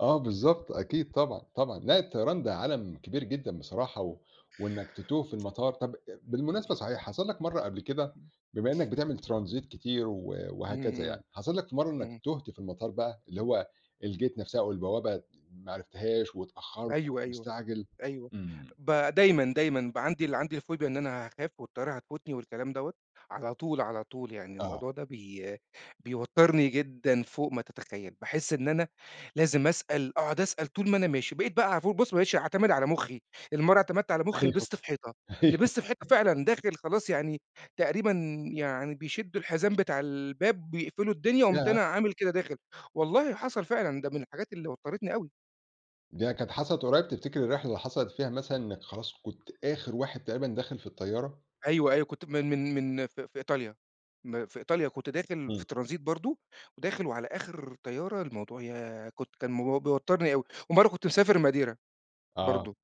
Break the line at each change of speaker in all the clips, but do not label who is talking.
آه بالضبط أكيد طبعًا، طبعًا، لا الطيران ده عالم كبير جدًا بصراحة و وإنّك تتوه في المطار طب أ بالمناسبة صحيح، حصل لك مرة قبل كده بما إنّك بتعمل ترانزيت كتير و
إمم،
وهكذا
إمم،
يعني، حصل لك في مرة إنّك
إمم.
تُهت في المطار بَقى، اللي هو الgate نفسها أو البوابة ما عرفتهاش واتأخرت،
أيوه،
وكنت
أيوه،
مستعجل؟
أيوه
إمم.
ب دايمًا، دايمًا، بَقى عندي عندي الفوبيا إن أنا هاخاف، والطيارة هتفوتني، والكلام دوّة، على طول على طول، يعني
آه.
الموضوع ده بي بيَوتّرني جدًا فوق ما تتخيل، باحس إن أنا لازم أسأل أقعد أسأل طول ما أنا ماشي، بقيت بَقى علي طول بُص ما بقيتش أعتمد على مُخّي، لأن مرة اعتمدت على مُخّي
أيوه،
لبست في حيطة.
أيوه.
لبست في حيطة فعلًا، داخل خلاص يعني تقريبًا يعني بيشدّوا الحزام بتاع الباب، بيقفلوا الدنيا، قُمت
ياه!
أنا عامل كده داخل. والله حصل فعلًا، ده من الحاجات اللي وتّرِتني أوي.
ديّة كانت حصلِت قُريّب، تفتكر الرحلة اللي حصلت فيها مثلًا إنّك خلاص كنت آخر واحد تقريبًا داخل في الطيارة؟
أيوه، أيوه كنت من من من في في إيطاليا، م في إيطاليا كنت داخل في
إمم.
ترانزيت برضه، وداخل وعلى آخر طيارة، الموضوع ياه! كنت كان بيوَتّرني أوي، ومرة كنت مسافر ماديرا،
آه.
برضه.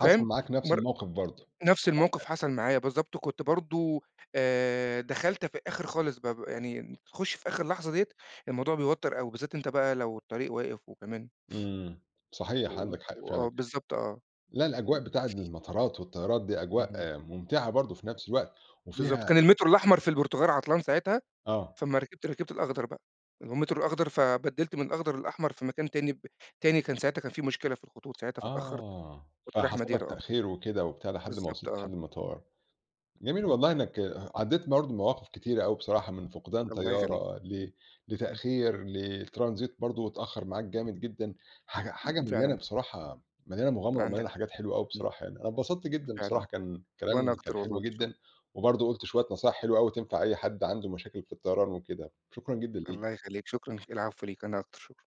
حصل
فاهم؟
معاك نفس
مر
الموقف برضه.
نفس الموقف
[unintelligible]
حصل معايا بالضبط، وكنت برضه، آآ دخلت في الآخر خالص ب يعني تخُش في آخر لحظة ديّة، الموضوع بيوَتّر أوي، وبالذات أنت بَقى لو الطريق واقف وكمان
إمم. صحيح
وقُل
عندك حق
وآه
فعلًا،
بالضبط آه.
لأ الأجواء
امم.
بتاع المطارات والطيارات دي
اهم.
أجواء ممتعة برضه في نفس الوقت،
بالضبط.
وفيها
كان المترو الأحمر في البرتغال عطلان ساعتها،
آه.
فأمّا ركبت، ركبت الأخضر بَقى. اللي هو المترو الأخضر، فبدّلت من الأخضر للأحمر في مكان تاني ب تاني كان ساعتها كان في مشكلة في الخطوط ساعتها، فاتأخرت.
آه.
كنت رايح
فحصل لك
ماديرا آه.
تأخير وكده وبتاع لحد ما
بالضبط
وصلت لحد
آه.
المطار. جميل
[unintelligible]
والله إنّك عدّيت برضه بمواقف كتيرة أوي بصراحة من فقدان
الله يخلّيك.
طيارة ل
امم.
لتأخير ل الترانزيت برضه اتأخر معاك جامد جدًا، حاجة
امم،
حاجة مليانة
فعلًا.
بصراحة، مليانة مغامرة
عندك
ومليانة
حق،
حاجات حلوة أوي
امم.
بصراحة يعني. أنا انبسطت جدًا بصراحة
فعلًا،
كان
وأنا
كلام كان
أكتر
حلو
والله. شكرًا.
جدًا، وبرضه قُلت شوية نصايح حلوة أوي تنفع أي حد عنده مشاكل في الطيران وكده. شكرًا جدًا ليك.
الله يخليك، شكرًا العفو ليك، أنا أكتر، شكرًا.